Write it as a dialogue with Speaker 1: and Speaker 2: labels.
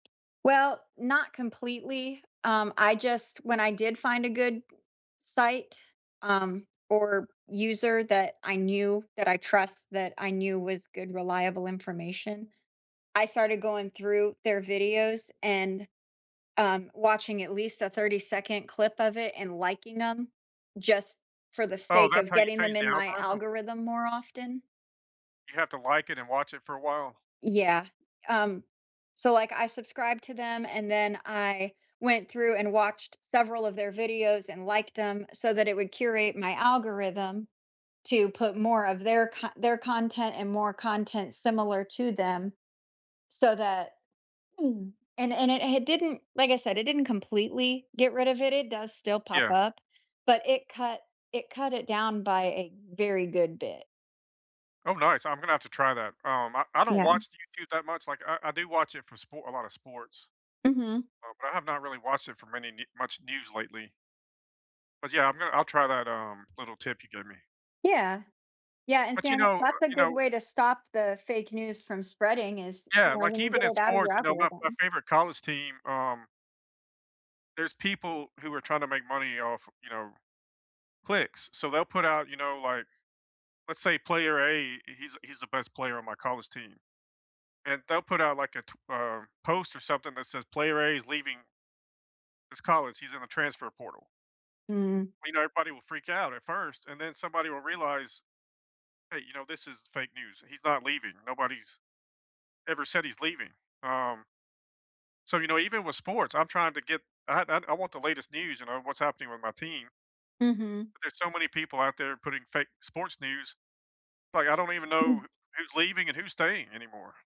Speaker 1: Well, not completely, um, I just when I did find a good site, um, or user that I knew that I trust, that I knew was good reliable information, I started going through their videos and, um, watching at least a thirty-second clip of it and liking 'em just for the
Speaker 2: Oh,
Speaker 1: sake
Speaker 2: that's
Speaker 1: of
Speaker 2: how you
Speaker 1: getting them
Speaker 2: change the
Speaker 1: in my
Speaker 2: algorithm?
Speaker 1: algorithm more often.
Speaker 2: You have to like it and watch it for a while?
Speaker 1: Yeah, um, so, like, I subscribed to them and then I went through and watched several of their videos and liked 'em so that it would curate my algorithm to put more of their co their content and more content similar to them, so that Mm, and it and it h didn't, like I said, it didn't completely get rid of it, it does still pop
Speaker 2: Yeah.
Speaker 1: up, but it cut it cut it down by a very good bit.
Speaker 2: Oh, nice. I'm gonna have to try that. Um, I I don't
Speaker 1: Yeah.
Speaker 2: watch YouTube that much, like, I I do watch it for spo a lot of sports,
Speaker 1: Mhm.
Speaker 2: Uh, but I have not really watched it for many ne much news lately. But, yeah, I'm gonna I'll try that, um, little tip you gave me.
Speaker 1: Yeah. Yeah, and
Speaker 2: But, you
Speaker 1: spam it
Speaker 2: know, uh,
Speaker 1: that's a
Speaker 2: you
Speaker 1: good
Speaker 2: know
Speaker 1: way to stop the fake news from spreading is, you
Speaker 2: Yeah,
Speaker 1: know,
Speaker 2: like,
Speaker 1: when you
Speaker 2: even
Speaker 1: get
Speaker 2: in
Speaker 1: it out of your
Speaker 2: sports, you know, my my
Speaker 1: algorithm.
Speaker 2: favorite college team, um there's people who are trying to make money off, you know, clicks, so, they'll put out, you know, like, let's say player A, he's he's the best player on my college team, and they'll put out, like, a, tw um, post or something that says "Player A is leaving” “this college; he's in the transfer portal."
Speaker 1: Mhm.
Speaker 2: We know everybody will freak out at first, and then somebody will realize, "Hey, you know, this is fake news. He's not leaving, nobody's ever said he's leaving." Um so, you know, even with sports, I'm trying to get I I I want the latest news and know what's happening with my team.
Speaker 1: Mhm.
Speaker 2: But there's so many people out there putting fake sports news, like, I don't even know
Speaker 1: Mm.
Speaker 2: who's leaving and who's staying anymore.